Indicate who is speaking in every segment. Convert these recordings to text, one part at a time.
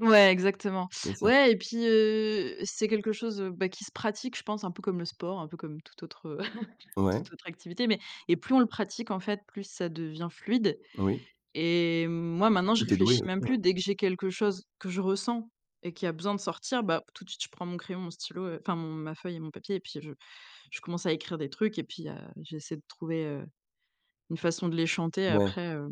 Speaker 1: Ouais, exactement.
Speaker 2: Et ça
Speaker 1: Ouais et pis, heu, c'est quelque chose, heu, bah, qui se pratique, je pense, un peu comme le sport, un peu comme toute autre, heu,
Speaker 2: Ouais.
Speaker 1: tout autre activité. Mais, et plus on le pratique en fait, plus ça devient fluide
Speaker 2: Oui.
Speaker 1: et moi maintenant je
Speaker 2: Mmh, tu es
Speaker 1: réfléchis
Speaker 2: douée aussi,
Speaker 1: même
Speaker 2: oui.
Speaker 1: plus. Dès que j'ai quelque chose que je ressens et qui a besoin de sortir, bah, tout de suite je prends mon crayon, mon stylo, heu, enfin mon ma feuille et mon papier et puis je je commence à écrire des trucs, et puis, heu, j'essaie de trouver, heu, une façon de les chanter.
Speaker 2: Ouais.
Speaker 1: Après, heu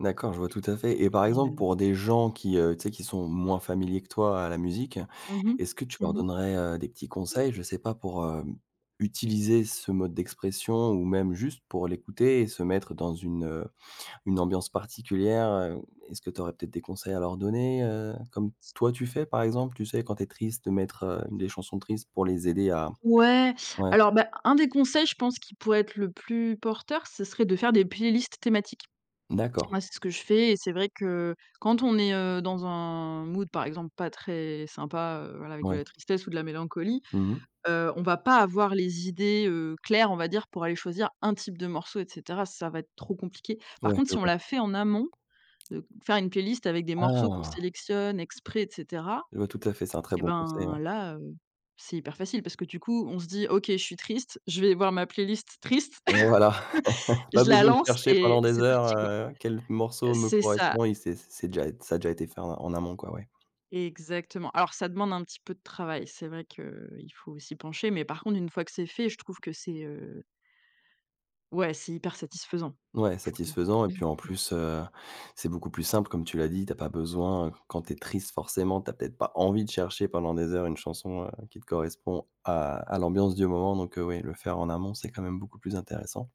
Speaker 2: D'accord, je vois tout à fait, et par
Speaker 1: et
Speaker 2: exemple,
Speaker 1: hem
Speaker 2: pour des gens qui, heu, tu sais, qui sont moins familiers que toi à la musique,
Speaker 1: Mmh mh.
Speaker 2: est-ce que tu leur
Speaker 1: Mmh mh.
Speaker 2: donnerais, heu, des petits conseils? Je sais pas, pour, heu, utiliser ce mode d'expression ou même juste pour l'écouter et se mettre dans une, heu, une ambiance particulière, heu, est-ce que tu aurais peut-être des conseils à leur donner? Heu, comme toi tu fais par exemple. Tu sais, quand tu es triste de mettre, heu, des chansons tristes pour les aider à
Speaker 1: Ouais.
Speaker 2: ouais.
Speaker 1: Alors, bah, un des conseils, je pense, qui pourrait être le plus porteur, ce serait de faire des playlists thématiques. Moi
Speaker 2: D'accord.
Speaker 1: c'est ce que je fais, et c'est vrai que quand on est, heu, dans un mood par exemple pas très sympa, heu, voilà, avec de
Speaker 2: Mouais.
Speaker 1: la tristesse ou de la mélancolie,
Speaker 2: Mmh mh.
Speaker 1: heu, on va pas avoir les idées, heu, claires, on va dire. Pour aller choisir un type de morceaux et cetera, ça va être trop compliqué. Par
Speaker 2: Ouais.
Speaker 1: contre
Speaker 2: Je
Speaker 1: si on
Speaker 2: vois.
Speaker 1: l'a fait en amont, heu, faire une playlist avec des morceaux qu'on
Speaker 2: Ah.
Speaker 1: sélectionne exprès et cetera
Speaker 2: Je vois tout à fait, c'est un très
Speaker 1: et
Speaker 2: bon conseil.
Speaker 1: ben
Speaker 2: Ouais.
Speaker 1: là, heu, c'est hyper facile parce que du coup on se dit: «OK. Je suis triste, je vais voir ma playlist triste
Speaker 2: Voilà
Speaker 1: et
Speaker 2: pas
Speaker 1: je la
Speaker 2: besoin de
Speaker 1: lance,
Speaker 2: chercher
Speaker 1: et
Speaker 2: pendant
Speaker 1: et
Speaker 2: des
Speaker 1: c'est parti
Speaker 2: heures,
Speaker 1: quoi»
Speaker 2: heu, quel
Speaker 1: heu,
Speaker 2: morceau me
Speaker 1: c'est ça.
Speaker 2: correspond et c'est c'est déjà ça a déjà été fait en en amont quoi. Ouais.
Speaker 1: Exactement. Alors ça demande un petit peu de travail. C'est vrai qu'il faut s'y pencher, mais par contre une fois que c'est fait, je trouve que c'est, heu ouais, c'est hyper satisfaisant
Speaker 2: Ouais,
Speaker 1: je trouve.
Speaker 2: satisfaisant et puis en
Speaker 1: Mmh.
Speaker 2: plus, heu, c'est beaucoup plus simple comme tu l'as dit. Tu as pas besoin, heu, quand tu es triste forcément tu as peut-être pas envie de chercher pendant des heures une chanson, heu, qui te correspond à à l'ambiance du moment, donc, heu, oui, le faire en amont, c'est quand même beaucoup plus intéressant.